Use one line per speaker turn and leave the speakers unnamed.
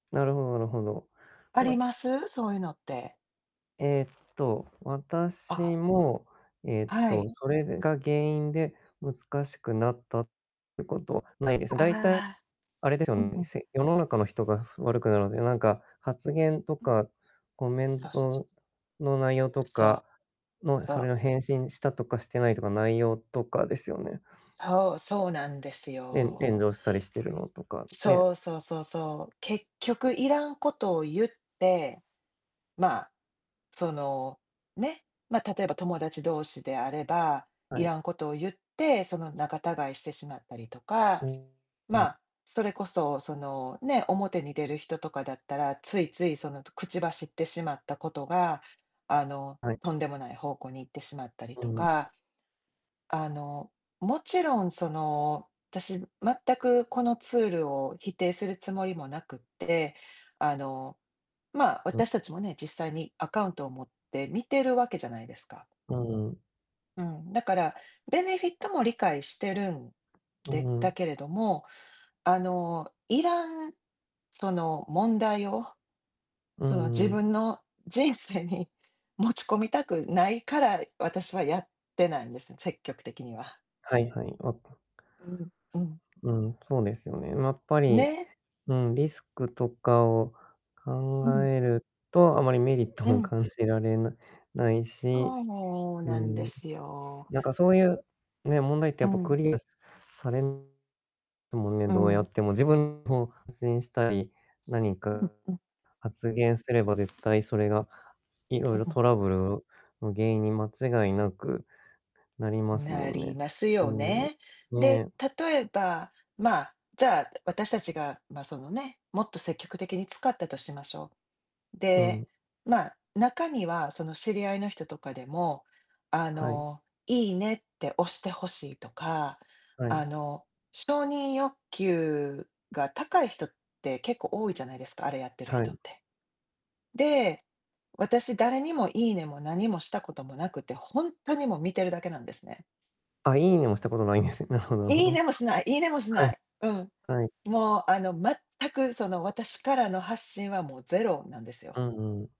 なるほどなるほど。
あり
ま
ます？そういうのって。
えっと、
あ
私
あ。
も、えっ
は
と、
い。
それが原因で、難しくなったってことないです。だいたい、
ああ。
あれですよ、
うんうん。
せ世の中の人が、ふ悪くなるので、なんか、発言と
うん。
かコメン
そうそうそう。
トの内容と
そ
か
う。
の、
そ
それ
う。
を返信したとかしてないとか、内容とかですよね？
そう、そうなんです
えん炎
よ。
上したりしてるのとか、ね。
そう、そうそうそう。結局いらんことを言って、まあ、その、ね、ま、例えば友達同士であれば、
は
い
い。
らんことを言って、その、仲違いしてしまったりとか、
う
ま
ん。
あ、それこそ、そのね、表に出る人とかだったら、ついつい、その、と口走ってしまったことが、あの、
はい。
とんでもない方向に行ってしまったり
う
と
ん。
か、あの、もちろんその、私、全く、このツールを否定するつもりもなくって、あの、まあ、
う
私
ん。
たちもね、実際にアカウントを持って、見てるわけじゃないですか。
うーん。
うん、だから、ベネフィットも理解してるん
う
で、
んう
だ
ん。
けれども、あの、要らんその、問題を
う
その、
ん
自
うん。
分の人生に持ち込みたくないから、私はやってないんです、積極的には。
はいはい。わ
うん、うん。
うん、そうですよね。やっぱり、
ね。
うん、リスクとかを
う
考
ん。
えると、あまりメリット
う
も
ん。
感じられなないし、
そう
う
なんで
ん。
すよ。
なんか、そういう、ね、問題って
う
やっぱ
ん。
クリアされでもね、
う
どうや
ん。
っても、自分の発信したり、何
う
か
んうん。
発言すれば、絶対それがいろ
う
いろ
ん。
トラブルの原因に間違いなくなりますも
な
ん
り
ね、
ますよ
うん、
ね。で、
ね。
例えば、まあ、じゃあ、私たちが、まあ、そのね、もっと積極的に使ったとしましょう。
う
で、
ん。
まあ、中には、その、知り合いの人とかでも、あ
はい。
の、いいねって押して欲しいとか、
はい。
あの、承認欲求が高い人って結構多いじゃないですか、あれやってる
はい。
人って。で、私、誰にも、いいねも何もしたこともなくて、ほんとにもう、見てるだけなんですね。
あ、いいねもしたことないんです、なほどほ
いい
ど。
ねもしないいいねもし
はい。
ない。うん。
はい。
もう、あの、全くその、私からの発信はもうゼロなんですよ。
うんうん。